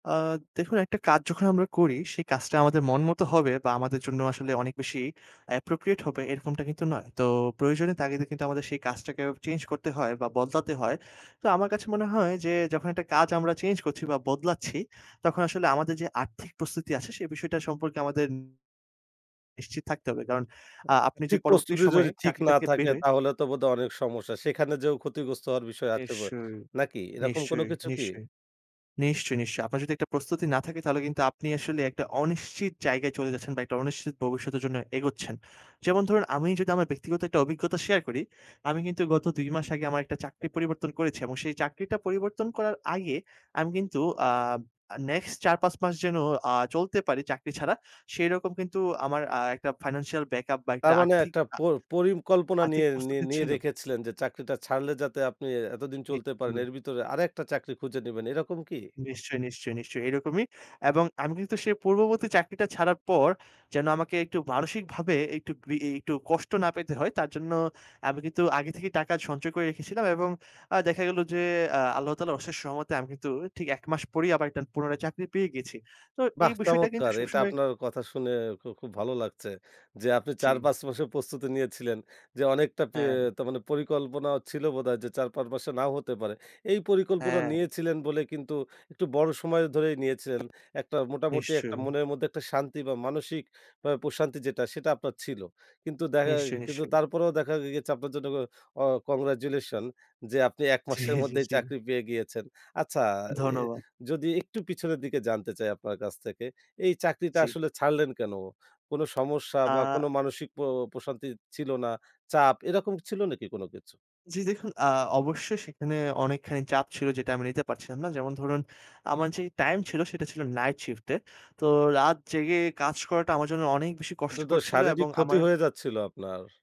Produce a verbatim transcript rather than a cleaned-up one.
আ দেখুন, একটা কাজ যখন আমরা করি, সেই কাজটা আমাদের মন মত হবে বা আমাদের জন্য আসলে অনেক বেশি appropriate হবে এরকমটা কিন্তু নয়। তো প্রয়োজনের তাগিদে কিন্তু আমাদের সেই কাজটাকে চেঞ্জ করতে হয় বা বদলাতে হয়। তো আমার কাছে মনে হয় যে যখন একটা কাজ আমরা চেঞ্জ করছি বা বদলাচ্ছি তখন আসলে আমাদের যে আর্থিক প্রস্তুতি আছে সে বিষয়টা সম্পর্কে আমাদের নিশ্চিত থাকতে হবে। কারণ আ আ আপনি যে ঠিক পরবর্তী প্রস্তুতি সময়ে যদি ঠিক চাকরিটা না থেকে থাকে বের হয়ে তাহলে তো বোধহয় অনেক সমস্যা। সেখানে যেয়েও ক্ষতিগ্রস্ত হওয়ার বিষয় আছে ব নিশ্চয়ই, নাকি? এরকম কোন নিশ্চয়ই, কিছু কি? নিশ্চয়ই, নিশ্চয়ই, নিশ্চয়ই। আপনার যদি একটা প্রস্তুতি না থাকে তাহলে কিন্তু আপনি আসলে একটা অনিশ্চিত জায়গায় চলে যাচ্ছেন বা একটা অনিশ্চিত ভবিষ্যতের জন্য এগোচ্ছেন। যেমন ধরুন, আমি যদি আমার ব্যক্তিগত একটা অভিজ্ঞতা শেয়ার করি, আমি কিন্তু গত দুই মাস আগে আমার একটা চাকরি পরিবর্তন করেছি। এবং সেই চাকরিটা পরিবর্তন করার আগে আমি কিন্তু আ আ নেক্সট চার পাঁচ মাস যেন আ চলতে পারি চাকরি ছাড়া সেরকম কিন্তু আমার আ একটা financial backup বা তার মানে আর্থিক একটা আ প পরিকল্পনা আর্থিক নিয়ে নিয়ে প্রস্তুতি নিয়ে ছিল। রেখেছিলেন যে চাকরিটা ছাড়লে যাতে আপনি এতদিন চলতে পারেন [unintelligible] এর বিতরে আরেকটা চাকরি খুঁজে নিবেন। এরকম কি? নিশ্চয়ই, নিশ্চয়ই, নিশ্চয়ই এরকমই। এবং আমি কিন্তু সেই পূর্ববর্তী চাকরিটা ছাড়ার পর যেন আমাকে একটু মানসিকভাবে একটু, গ্রি একটু কষ্ট না পেতে হয় তার জন্য আমি কিন্তু আগে থেকেই টাকা সঞ্চয় করে রেখেছিলাম। এবং আ দেখা গেল যে আ আল্লাহ তালার অশেষ রহমতে আমি কিন্তু ঠিক এক মাস পরেই আবার একটা পুরানায় চাকরি পেয়ে গেছি। তো এই বাহ বিষয়টা কিন্তু চমৎকার! এটা সবসময় আপনার কথা শুনে খু খুব ভালো লাগছে। যে আপনি জি। চার-পাঁচ মাসের প্রস্তুতি নিয়েছিলেন যে অনেকটাি হ্যাঁ। তা মানে পরিকল্পনা ছিল বোধহয় যে চার-পাঁচ মাসে নাও হতে পারে। এই পরিকল্পনা হ্যাঁ। নিয়েছিলেন বলে কিন্তু একটু বড় সময় ধরেই নিয়েছিলেন। একটা মোটামুটি একটা নিশ্চয়ই। মনের মধ্যে একটা শান্তি বা মানসিক অ্যা প্রশান্তি যেটা সেটা আপনার ছিল। কিন্তু দেখা নিশ্চয়ই, কিন্তু নিশ্চয়ই। তারপরেও দেখা গেছে আপনার জন্য আ কংগ্রাচুলেশন যে আপনি এক জি, মাসের জি, মধ্যেই জি। চাকরি পেয়ে গিয়েছেন। আচ্ছা অ্যা ধন্যবাদ। যদি একটু পিছনের দিকে জানতে চাই আপনার কাছ থেকে এই চাকরিটা জি। আসলে ছাড়লেন কেন? কোন সমস্যা বা কোন আ মানসিক প প্রশান্তি ছিল না, চাপ এরকম ছিল নাকি কোন কিছু? জি দেখুন, আ অবশ্যই সেখানে অনেকখানি চাপ ছিল যেটা আমি নিতে পারছিলাম না। যেমন ধরুন, আমার যে টাইম ছিল সেটা ছিল নাইট শিফট এ। তো রাত জেগে কাজ করাটা আমার জন্য অনেক বেশি এটা তো কষ্টকর ছিল শারীরিক এবং ক্ষতি আমারন হয়ে যাচ্ছিল আপনার।